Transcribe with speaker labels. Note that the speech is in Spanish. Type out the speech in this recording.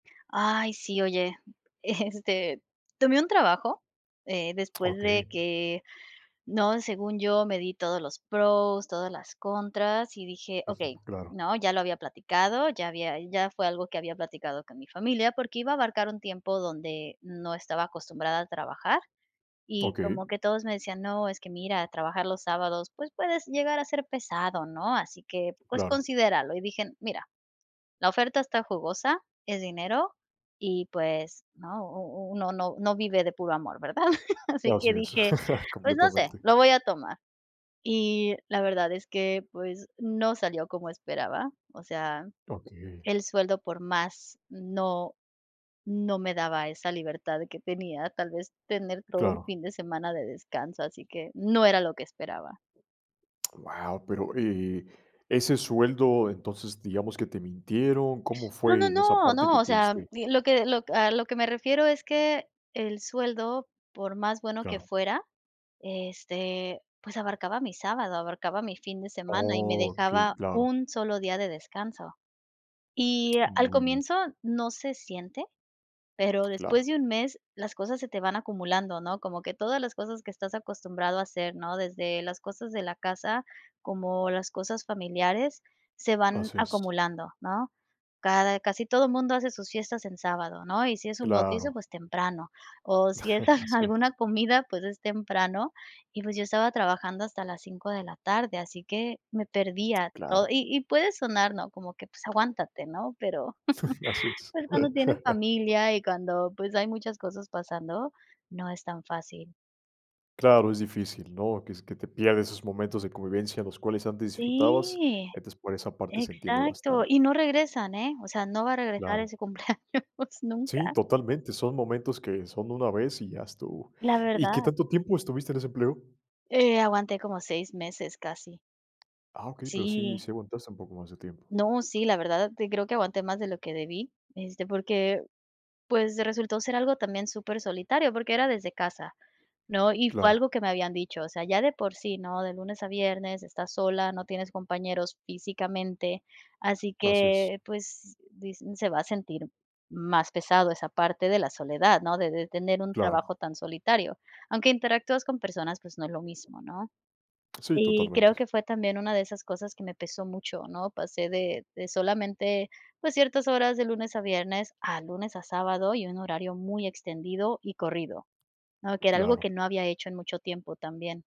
Speaker 1: Ay, sí, oye, eh, este, tomé un trabajo, eh, después de
Speaker 2: Okey.
Speaker 1: que ¿no?, según yo, me di todos los pros, todas las contras y dije:
Speaker 2: Ujú,
Speaker 1: "Okey",
Speaker 2: claro.
Speaker 1: ¿no?, ya lo había platicado, ya había ya fue algo que había platicado con mi familia porque iba a abarcar un tiempo donde no estaba acostumbrada a trabajar, y
Speaker 2: Okey.
Speaker 1: como que todos me decían: "No, es que mira, trabajar los sábados, pues, puedes llegar a ser pesado, ¿no?, así que, pues,
Speaker 2: Claro.
Speaker 1: considéralo", y dije: "Mira, la oferta está jugosa, es dinero", y pues, ¿no?, u u uno no no vive de puro amor, ¿verdad? Así
Speaker 2: Así
Speaker 1: que
Speaker 2: es,
Speaker 1: dije: "Pues no sé,
Speaker 2: completamente.
Speaker 1: lo voy a tomar". Y la verdad es que, pues, no salió como esperaba, o sea,
Speaker 2: Okey.
Speaker 1: el sueldo por más, no, no me daba esa libertad de que tenía, tal vez tener todo el
Speaker 2: Claro.
Speaker 1: fin de semana de descanso, así que no era lo que esperaba.
Speaker 2: Guau, pero, eh, ese sueldo, entonces, digamos que, ¿te mintieron?, ¿cómo
Speaker 1: No, no,
Speaker 2: fue en esa
Speaker 1: no,
Speaker 2: parte
Speaker 1: no,
Speaker 2: que
Speaker 1: o
Speaker 2: te
Speaker 1: sea,
Speaker 2: diste?
Speaker 1: di lo que lo a lo que me refiero es que, el sueldo, por más bueno que
Speaker 2: Claro.
Speaker 1: fuera, este, pues, abarcaba mi sábado, abarcaba mi fin de semana y me
Speaker 2: Okey,
Speaker 1: dejaba
Speaker 2: claro.
Speaker 1: 1 solo día de descanso. Y, al
Speaker 2: Muy bien.
Speaker 1: comienzo no se siente, pero después
Speaker 2: Claro.
Speaker 1: de un mes las cosas se te van acumulando, ¿no?, como que todas las cosas que estás acostumbrado a hacer, ¿no?, desde las cosas de la casa, como las cosas familiares, se van
Speaker 2: Así es.
Speaker 1: acumulando, ¿no? Cada casi todo mundo hace sus fiestas en sábado, ¿no?, y si es un bautizo,
Speaker 2: Claro.
Speaker 1: pues temprano, o si es
Speaker 2: Así es.
Speaker 1: alguna comida, pues, es temprano y, pues, yo estaba trabajando hasta las 5 de la tarde, así que me perdía to
Speaker 2: Claro.
Speaker 1: y y puede sonar, ¿no?, como que, pues, aguántate, ¿no? pero,
Speaker 2: Así es.
Speaker 1: pues, cuando tienes familia y cuando, pues, hay muchas cosas pasando, no es tan fácil.
Speaker 2: Claro, es difícil, ¿no?, que es que te pierdes esos momentos de convivencia, los cuales antes disfrutabas,
Speaker 1: Sí,
Speaker 2: entonces, por esa parte se entiende
Speaker 1: exacto.
Speaker 2: bastante.
Speaker 1: Y no regresan, ¿eh? O sea, no va a regresar
Speaker 2: Claro.
Speaker 1: ese cumpleaños
Speaker 2: Sí,
Speaker 1: nunca.
Speaker 2: totalmente, son momentos que son una vez y ya estuvo.
Speaker 1: La
Speaker 2: ¿Y qué
Speaker 1: verdad.
Speaker 2: tanto tiempo estuviste en ese empleo?
Speaker 1: Eh, aguanté como 6 meses casi.
Speaker 2: Ah, okey, pero sí,
Speaker 1: Sí.
Speaker 2: sí aguantaste un poco más de tiempo.
Speaker 1: No, sí, la verdad, creo que aguanté más de lo que debí, este, porque, pues, resultó ser algo también supersolitario porque era desde casa, ¿no?, y fue
Speaker 2: Claro.
Speaker 1: algo que me habían dicho, o sea, ya de por sí, ¿no?, de lunes a viernes, estás sola, no tienes compañeros físicamente, así
Speaker 2: Así es.
Speaker 1: que, pues, di se va a sentir más pesado esa parte de la soledad, ¿no?, de de tener un
Speaker 2: Claro.
Speaker 1: trabajo tan solitario, aunque interactúas con personas, pues, no es lo mismo, ¿no?,
Speaker 2: Sí,
Speaker 1: y creo
Speaker 2: totalmente.
Speaker 1: que fue también una de esas cosas que me pesó mucho, ¿no?, pasé de de solamente, pues, ciertas horas de lunes a viernes, a lunes a sábado y un horario muy extendido y corrido, ¿no?, que era algo que
Speaker 2: Claro.
Speaker 1: no había hecho en mucho tiempo también.